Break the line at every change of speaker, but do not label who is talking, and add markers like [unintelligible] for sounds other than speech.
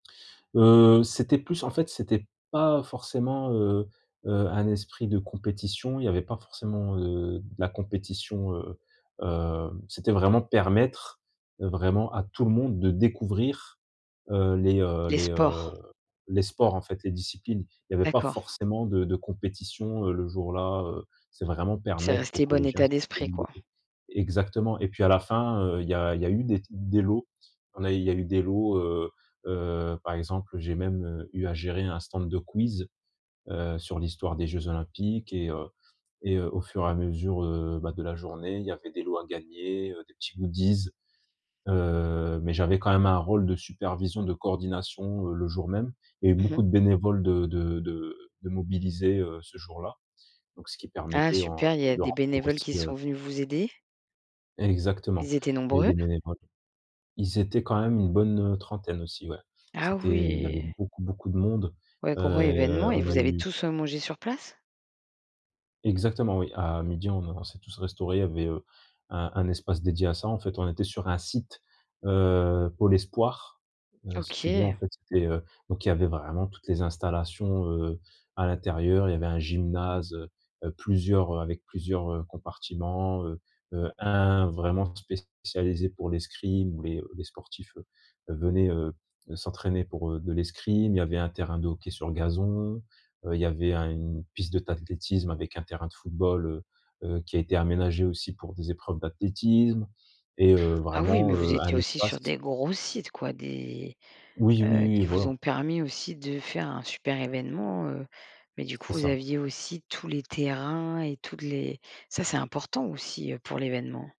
Heu, c'était plus en fait c'était pas forcément, heu heu, un esprit de compétition. Il y avait pas forcément, heu, de la compétition, heu heu, c'était vraiment permettre, heu, vraiment à tout le monde de découvrir, heu, les, heu
Les
les, heu
sports.
les sports en fait, les disciplines. Il y avait pas
D'accord.
forcément de de compétition, heu, le jour-là, heu, c'est vraiment
C'est
permettre aux
resté, bon
collégiens
état d'esprit, quoi.
[unintelligible] exactement, et puis à la fin, heu, il y a il y a eu des t des lots, on a il y a eu des lots, heu heu, par exemple j'ai même, heu, eu à gérer un stand de quiz, heu, sur l'histoire des jeux olympiques et, heu et, heu, au fur, et à mesure, heu, bah, de la journée il y avait des lots à gagner, heu, des petits goodies. Heu, mais j'avais quand même un rôle de supervision, de coordination, heu, le jour même. Il y avait
Mmh mh.
beaucoup de bénévoles de de de de mobilisés, heu, ce jour-là, donc ce qui
Ah
permettait en
super, il y
de
des
remplir
bénévoles
aussi,
qui sont
heu
venus vous aider?
Exactement,
Ils étaient
il y avait
nombreux?
des bénévoles ils étaient, quand même, une bonne, heu, trentaine, aussi, ouais.
Ah
C'était il y avait
oui.
beaucoup, beaucoup de monde.
Ouais,
Heu,
gros événement, et
on a
vous avez
eu
tous, heu, mangé sur place?
Exactement oui, à 12:00 on a on s'est tous restaurés, il y avait, heu, un un espace dédié à ça. En fait on était sur un site, heu, pour l'espoir. Heu, si tu veux, en
OK.
fait, c'était, heu, donc il y avait vraiment toutes les installations, heu, à l'intérieur, il y avait un gymnase, heu heu, plusieurs, heu avec plusieurs, heu, compartiments, heu heu, un vraiment spécialisé pour l'escrime où les, heu, les sportifs, heu heu, venaient, heu, s'entraîner pour, heu, de l'escrime. Il y avait un terrain de hockey sur gazon, heu, il y avait un une piste de d'athlétisme avec un terrain de football, heu heu, qui a été aménagé aussi pour des épreuves d'athlétisme et heu,
Ah oui, mais
vraiment,
vous
heu, un
étiez aussi sur
espace
des gros sites, quoi, des
Oui, oui,
heu,
oui,
qui vous
voilà.
ont permis aussi de faire un super événement, heu. Mais du coup,
C'est
vous
ça.
aviez aussi tous les terrains et toutes les ça, c'est important aussi, heu, pour l'événement.